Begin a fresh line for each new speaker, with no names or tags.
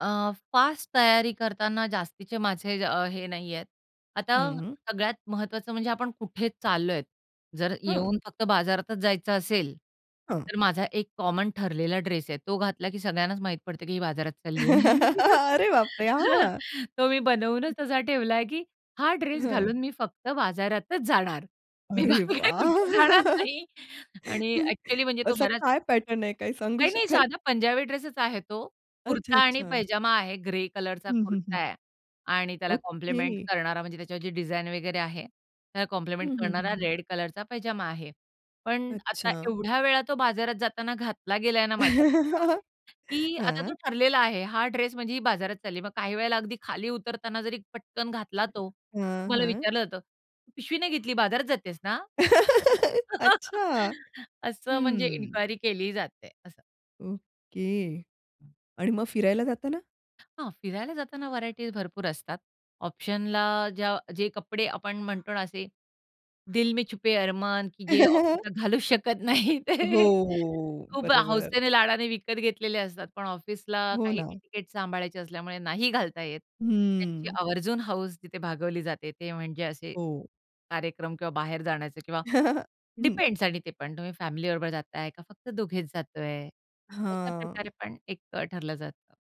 अ, fast तयारी करतांना जास्तीचे माझे अ, हे नाही आहेत. आता
हं.
सगळ्यात महत्त्वाचं म्हणजे आपण कुठे चाललो आहेत. जर
हं.
येऊन फक्त बाजारातच जायचं असेल,
हां.
तर माझा एक कॉमन ठरलेला ड्रेस आहे. तो घातला की सगळ्यांनाच माहीत पडतं, की ही बाजारात चालली आहे.
अरे बाप रे! हां.
तो मी बनवूनच असा ठेवलाय, की हा ड्रेस
हां.
घालून मी फक्त बाजारातच जाणार. मी
अरे
बाकी कुठे जाणार
वाह!
नाही आणि ॲक्चुअली म्हणजे तो
असा
बराच
काय पॅटर्न आहे काय सांगू
नाही, नाही
शकाल?
साधा पंजाबी ड्रेसच आहे तो. कुर्ता आणि
अच्छा-अच्छा.
पैजामा आहे. ग्रे कलरचा
हं, हं, हं.
कुर्ता आहे आणि त्याला कॉम्प्लिमेंट
ओके.
करणारा म्हणजे त्याच्यावरची डिझाइन वगैरे आहे त्याला कॉम्प्लिमेंट
हं, हं, हं,
करणारा
हं.
रेड कलरचा पैजामा आहे. पण आता
अच्छा.
एवढ्या वेळा तो बाजारात जाताना घातला गेलाय ना माझ्याकडनं, की आता तो
हां.
ठरलेला आहे. हा ड्रेस म्हणजे ही बाजारात चालली. मग काही वेळेला अगदी खाली उतरताना जरी पटकन घातला तो, तर
हां,
मला
हां.
विचारलं जातं, "पिशवी नाही घेतली, बाजारात जातेस ना?"
अच्छा.
असं म्हणजे
हं.
इन्क्वायरी केली जाते असं.
ओके. आणि मग फिरायला जाताना?
हां, फिरायला जाताना व्हरायटीज भरपूर असतात. ऑप्शनला ज्या जे कपडे आपण म्हणतो ना असे दिल मे छुपे अरमान, की जे ऑफिसला घालू शकत नाहीत ते
हो, हो.
खूप
बरोबर.
हौसेने लाडाने विकत घेतलेले असतात. पण ऑफिसला
हो
काही
ना.
एटिकेट सांभाळायचे असल्यामुळे नाही घालता येत. त्यांची
हम्म.
आवर्जून हौस तिथे भागवली जाते. ते म्हणजे असे
हो.
कार्यक्रम किंवा बाहेर जाण्याचे किंवा
हं.
डिपेंड्स आणि ते पण तुम्ही फॅमिलीबरोबर जाताय का फक्त दोघेच जातोय. अशा
हां.
प्रकारे पण एक अ, ठरलं जातं.